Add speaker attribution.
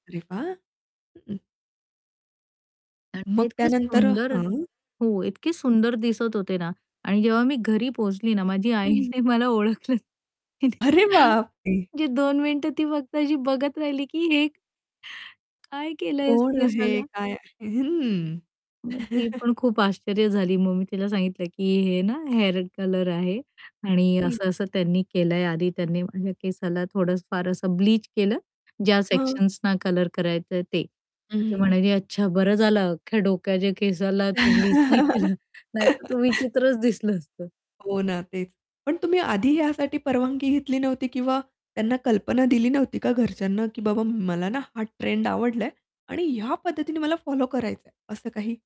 Speaker 1: अरे वाह!
Speaker 2: आणि ते
Speaker 1: मग
Speaker 2: इतके
Speaker 1: त्यानंतर
Speaker 2: सुंदर
Speaker 1: हां.
Speaker 2: हो, इतके सुंदर दिसत होते ना. आणि जेव्हा मी घरी पोहचली ना, माझी
Speaker 1: [unintelligible]
Speaker 2: आईने मला ओळखलंच नाही होतं,
Speaker 1: अरे बापरे!
Speaker 2: म्हणजे 2 मिनिटं ती फक्त अशी बघत राहिली, की हे काय केलं आहेस
Speaker 1: कोण आहे?
Speaker 2: केसाला?
Speaker 1: काय आहे? हं.
Speaker 2: मग ती पण खूप आश्चर्य झाली. मग मी तिला सांगितलं, की हे ना, हेअर कलर आहे आणि
Speaker 1: हं.
Speaker 2: असं-असं त्यांनी केलं आहे. आधी त्यांनी माझ्या केसाला थोडंस फार असं ब्लीच केलं, ज्या
Speaker 1: हं.
Speaker 2: सेक्शन्सना, कलर करायचं आहे ते.
Speaker 1: हं,
Speaker 2: तर ती
Speaker 1: हं, हं.
Speaker 2: म्हणाली अच्छा "बरं झालं अख्ख्या डोक्याच्या केसाला तू ब्लीच नाही केलं नाहीतर तू विचित्रच दिसलं असतं".
Speaker 1: हो ना, तेच. पण तुम्ही आधी यासाठी परवानगी घेतली नव्हती, किंवा त्यांना कल्पना दिली नव्हती का घरच्यांना, की बाबा मला ना, हा ट्रेंड आवडलाय आणि ह्या पद्धतीने मला फॉलो करायचं आहे, असं काही?